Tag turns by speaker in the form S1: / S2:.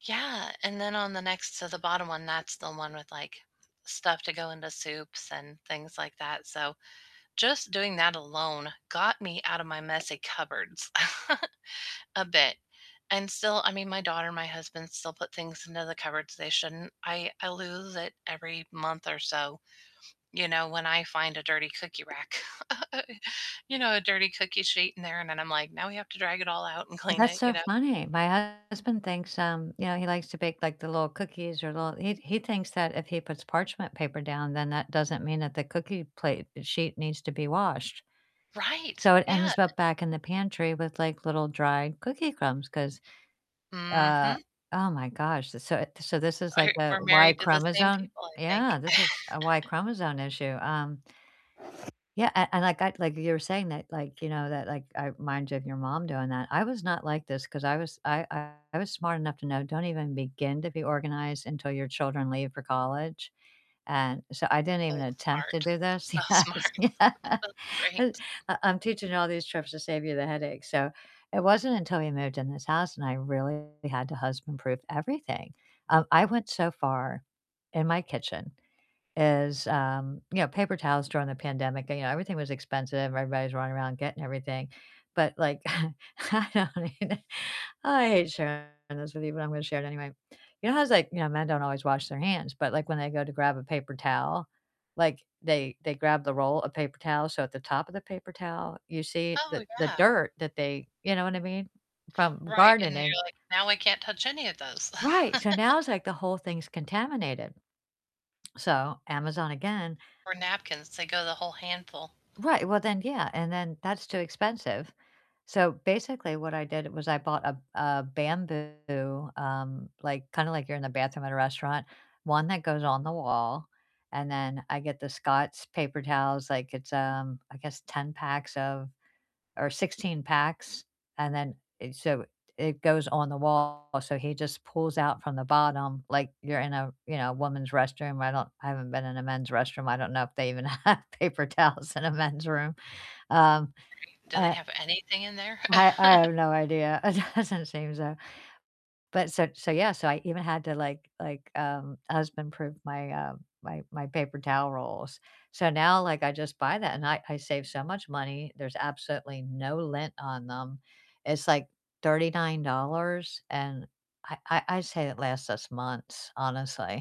S1: Yeah, and then on the next to the bottom one, that's the one with, like, stuff to go into soups and things like that, so just doing that alone got me out of my messy cupboards a bit. And still, I mean, my daughter and my husband still put things into the cupboards they shouldn't. I I lose it every month or so, you know, when I find a dirty cookie rack, you know, a dirty cookie sheet in there, and then I'm like, "Now we have to drag it all out and clean
S2: That's
S1: it," you
S2: so
S1: know?
S2: funny. My husband thinks, um, you know he likes to bake, like, the little cookies or little He he thinks that if he puts parchment paper down, then that doesn't mean that the cookie plate sheet needs to be washed.
S1: Right,
S2: So it
S1: yeah,
S2: ends
S1: e
S2: up back in the pantry with, like, little dry cookie crumbs 'cause, uh
S1: Mhm.
S2: Oh my gosh. So, eh so this is, like,
S1: I
S2: a
S1: we're
S2: Y
S1: married to the same
S2: chromosome
S1: people, I
S2: Yeah,
S1: think.
S2: this is a Y chromosome issue. Um Yeah, a and like, I like you were saying that, like, you know, that, like, it reminds you of your mom doing that. I was not like this 'cause I was I I was smart enough to know don't even begin to be organized until your children leave for college. And so I didn't even
S1: Oh,
S2: attempt to
S1: smart.
S2: do this.
S1: So
S2: Yes.
S1: smart.
S2: Yeah
S1: That's
S2: U
S1: great.
S2: I'm teaching you all these tricks to save you the headache. So it wasn't until we moved in this house and I really had to husband-proof everything. Um, I went so far in my kitchen as, um, you know, paper towels during the pandemic, you know, everything was expensive, everybody was running around getting everything. But like, I don't even I hate sharing this with you, but I'm gonna share it anyway. You know how it's like, you know, men don't always wash their hands, but, like, when they go to grab a paper towel, like, they they grab the roll of paper towels, so at the top of the paper towel, you see the
S1: Oh,
S2: the
S1: yeah.
S2: dirt that they You know what I mean? From
S1: Right, and then
S2: gardening.
S1: you're like, "Now I can't touch any of those."
S2: Right. So now it's like the whole thing's contaminated. So, Amazon again.
S1: Or napkins, they go the whole handful.
S2: Right. Well, then yeah, and then that's too expensive. So basically what I did was I bought a a bamboo, um, like, kinda like you're in the bathroom at a restaurant, one that goes on the wall, and then I get the Scott's paper towels. Like, it's, um, I guess 10 packs of or 16 packs, and then it So it goes on the wall, so he just pulls out from the bottom, like you're in a, you know a woman's restroom. I don't I haven't been in a men's restroom. I don't know if they even have paper towels in a men's room. Um,
S1: Right, do they
S2: uh
S1: have anything in there?
S2: I I have no idea. It doesn't seem so. But so so yeah. So I even had to, like like, um, husband-proof my, uh my my paper towel rolls. So now, like, I just buy that, and I I save so much money, there's absolutely no lint on them. It's, like, $39, and I I I'd say it lasts us months, honestly.